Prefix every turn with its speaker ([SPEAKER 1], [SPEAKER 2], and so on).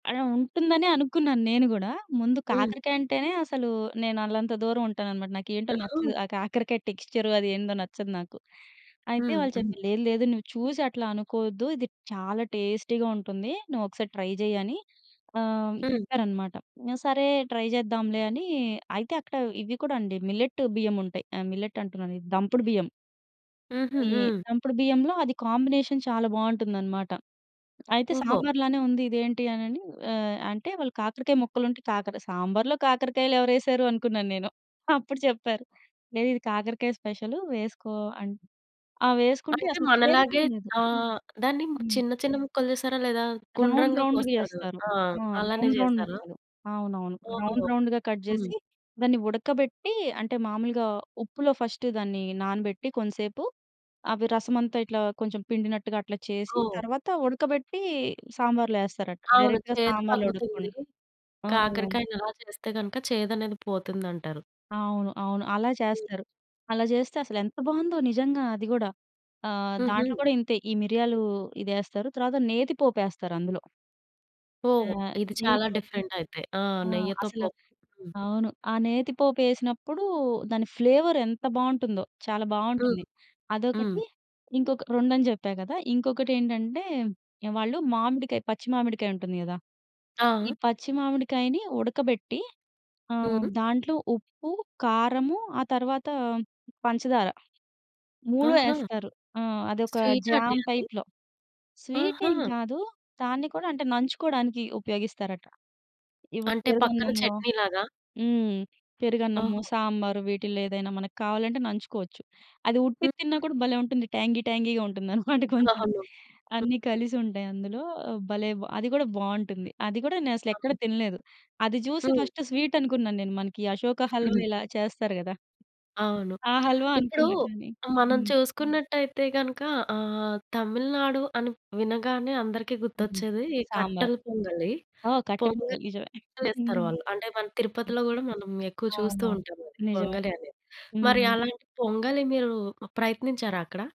[SPEAKER 1] అలా ఉంటుందనే అనుకున్నాను నేను గూడా. ముందు
[SPEAKER 2] హ్మ్.
[SPEAKER 1] కాకరకాయంటేనే అసలు నేను అల్లంత దూరం ఉంటాననమాట. నాకేంటో
[SPEAKER 2] అహా!
[SPEAKER 1] నచ్చదు ఆ కాకరకాయ టెక్స్చర్ అదేందో నచ్చదు నాకు. అయితే వాళ్ళు
[SPEAKER 2] హుహు.
[SPEAKER 1] చెప్పారు. లేదు లేదు. నువ్వు చూసి అట్లా అనుకోవద్దు. ఇది చాలా టేస్టీగా ఉంటుంది. నువ్వొకసారి ట్రై జెయ్యని ఆహ్, హ్మ్.
[SPEAKER 2] హ్మ్.
[SPEAKER 1] చెప్పారనమాట. సరే ట్రై జేద్దాంలే అనీ అయితే అక్కడ ఇవి కూడా అండి మిల్లెట్ బియ్యముంటాయి. ఆహ్, మిల్లెట్ అంటున్నాను, ఇది దంపుడు బియ్యం.
[SPEAKER 2] హుహు.
[SPEAKER 1] ఈ
[SPEAKER 2] హ్మ్.
[SPEAKER 1] దంపుడు బియ్యంలో అది కాంబినేషన్ చాలా బావుంటుందనమాట. అయితే
[SPEAKER 2] ఓహో!
[SPEAKER 1] సాంబార్లానే ఉంది, ఇది ఏంటి అనని, ఆహ్, అంటే వాళ్ళు కాకరకాయ ముక్కలుంటే, కాకర సాంబార్లో కాకరకాయలు ఎవరేశారు అనుకున్నాను నేను. అప్పుడు చెప్పారు. లేదిది కాకరకాయ స్పెషలు వేసుకో అని. ఆహ్, వేసుకుంటే
[SPEAKER 2] అంటే
[SPEAKER 1] అసలు
[SPEAKER 2] మనలాగే
[SPEAKER 1] చేదిగేం లేదు.
[SPEAKER 2] ఆ! దాన్ని
[SPEAKER 1] హ్మ్.
[SPEAKER 2] చిన్న చిన్న ముక్కలు చేసారా లేదా
[SPEAKER 1] రౌండ్
[SPEAKER 2] గుండ్రంగా
[SPEAKER 1] రౌండ్‌‌గా
[SPEAKER 2] కోస్తారు గదా! ఆ!
[SPEAKER 1] చేస్తారు.ఆ!
[SPEAKER 2] అలానే
[SPEAKER 1] రౌండ్ రౌండ్
[SPEAKER 2] జేసారా?
[SPEAKER 1] ముక్కలు. అవునవును.
[SPEAKER 2] ఓహో!
[SPEAKER 1] రౌండ్ రౌండ్‌‌గా కట్
[SPEAKER 2] హ్మ్.
[SPEAKER 1] జేసి, దాన్ని ఉడకబెట్టీ, అంటే మామూలుగా ఉప్పులో ఫస్టు దాన్ని నానబెట్టి కొంసేపు, అవి రసమంతా ఇట్లా కొంచెం పిండినట్టుగా అట్లా చేసి
[SPEAKER 2] ఓహ్!
[SPEAKER 1] తర్వాత ఉడకబెట్టి సాంబారులో ఏస్తారట.
[SPEAKER 2] అవును.
[SPEAKER 1] డైరెక్ట్‌గా
[SPEAKER 2] చేదు
[SPEAKER 1] సాంబార్లో
[SPEAKER 2] తగ్గుతుంది.
[SPEAKER 1] ఉడకకుండా. ఆ!
[SPEAKER 2] కాకరకాయని అలా చేస్తే గనుక చేదనేది పోతుందంటారు.
[SPEAKER 1] అవును. అవును. అలా
[SPEAKER 2] హ్మ్.
[SPEAKER 1] చేస్తారు. అలా చేస్తే అసలెంత బావుందో నిజంగా. అది గూడా ఆహ్,
[SPEAKER 2] హుహు.
[SPEAKER 1] దాంట్లో గూడా ఇంతే ఈ మిరియాలు ఇదేస్తారు. తరువాత నేతి పోపేస్తారు అందులో. ఆ!
[SPEAKER 2] ఓహ్! ఇది
[SPEAKER 1] నెయ్యి
[SPEAKER 2] చాలా
[SPEAKER 1] తోటి
[SPEAKER 2] డిఫరెంట్ అయితే. ఆ!
[SPEAKER 1] ఆ!
[SPEAKER 2] నెయ్యితో
[SPEAKER 1] అసలు.
[SPEAKER 2] పోపు. హ్మ్.
[SPEAKER 1] అవును. ఆ నేతి పోపేసినప్పుడు దాని ఫ్లేవర్ ఎంత బావుంటుందో, చాలా
[SPEAKER 2] హ్మ్.
[SPEAKER 1] బావుంటుంది.
[SPEAKER 2] హ్మ్.
[SPEAKER 1] అదొకటి, ఇంకొక రెండని జెప్పా కదా! ఇంకొకటేంటంటే, ఆహ్, వాళ్ళు మామిడికాయ పచ్చి మామిడికాయుంటుంది కదా! ఈ
[SPEAKER 2] ఆ!
[SPEAKER 1] పచ్చి మామిడికాయని ఉడకబెట్టి ఆహ్,
[SPEAKER 2] హుహు.
[SPEAKER 1] దాంట్లో ఉప్పు, కారము ఆ తర్వాత పంచదార 3
[SPEAKER 2] ఆహా!
[SPEAKER 1] యేస్తారు. ఆ! అదొక
[SPEAKER 2] స్వీటండీ
[SPEAKER 1] జామ్
[SPEAKER 2] అది?
[SPEAKER 1] టైప్‌లో. స్వీటేం
[SPEAKER 2] ఆహా!
[SPEAKER 1] కాదు. దాన్ని కూడా అంటే నంచుకోవడానికి ఉపయోగిస్తారట. ఇప్పుడు
[SPEAKER 2] అంటే పక్కన
[SPEAKER 1] పెరుగన్నంలో
[SPEAKER 2] చట్నీ లాగా?
[SPEAKER 1] హ్మ్. పెరుగన్నము,
[SPEAKER 2] ఓహో!
[SPEAKER 1] సాంబారు వీటిల్లో ఏదైనా మనకు కావాలంటే నంచుకోవచ్చు అది ఉట్టిది తిన్నా
[SPEAKER 2] హుహు.
[SPEAKER 1] కూడా భలే ఉంటుంది. ట్యాంగీ ట్యాంగీగా ఉంటుందనమాట కొంచెం.
[SPEAKER 2] అవును. హ్మ్.
[SPEAKER 1] అన్నీ కలిసుంటాయి అందులో. భలే బ్ అది గూడా బావుంటుంది. అది గూడా నేనసలు ఎక్కడా
[SPEAKER 2] అవును.
[SPEAKER 1] తినలేదు. అది జూసి
[SPEAKER 2] హ్మ్.
[SPEAKER 1] ఫస్ట్ స్వీట్ అనుకున్నాను నేను. మనకీ అశోక హల్వా ఇలా చేస్తారు గదా!
[SPEAKER 2] అవును.
[SPEAKER 1] ఆ హల్వా
[SPEAKER 2] ఇప్పుడు
[SPEAKER 1] అనుకున్నా కానీ
[SPEAKER 2] ఆహ్, మనం
[SPEAKER 1] హ్మ్.
[SPEAKER 2] చూసుకున్నట్టయితే గనుక ఆహ్, తమిళనాడు అని వినగానే అందరికి
[SPEAKER 1] హ్మ్.
[SPEAKER 2] గుర్తొచ్చేది ఈ
[SPEAKER 1] సాంబార్
[SPEAKER 2] కట్టెల పొంగలి.
[SPEAKER 1] ఆ! కట్టె
[SPEAKER 2] పొంగలి
[SPEAKER 1] పొంగలి నిజమే.
[SPEAKER 2] చేస్తారు
[SPEAKER 1] హ్మ్.
[SPEAKER 2] వాళ్ళు. అంటే మన తిరుపతిలో గూడా మనం ఎక్కువ చూస్తూ
[SPEAKER 1] అవునవును.
[SPEAKER 2] ఉంటామది,
[SPEAKER 1] నిజమే.
[SPEAKER 2] పొంగలి అనేది. మరి
[SPEAKER 1] హ్మ్.
[SPEAKER 2] అలాంటి పొంగలి, మీరు ప్ ప్రయత్నించారా అక్కడ?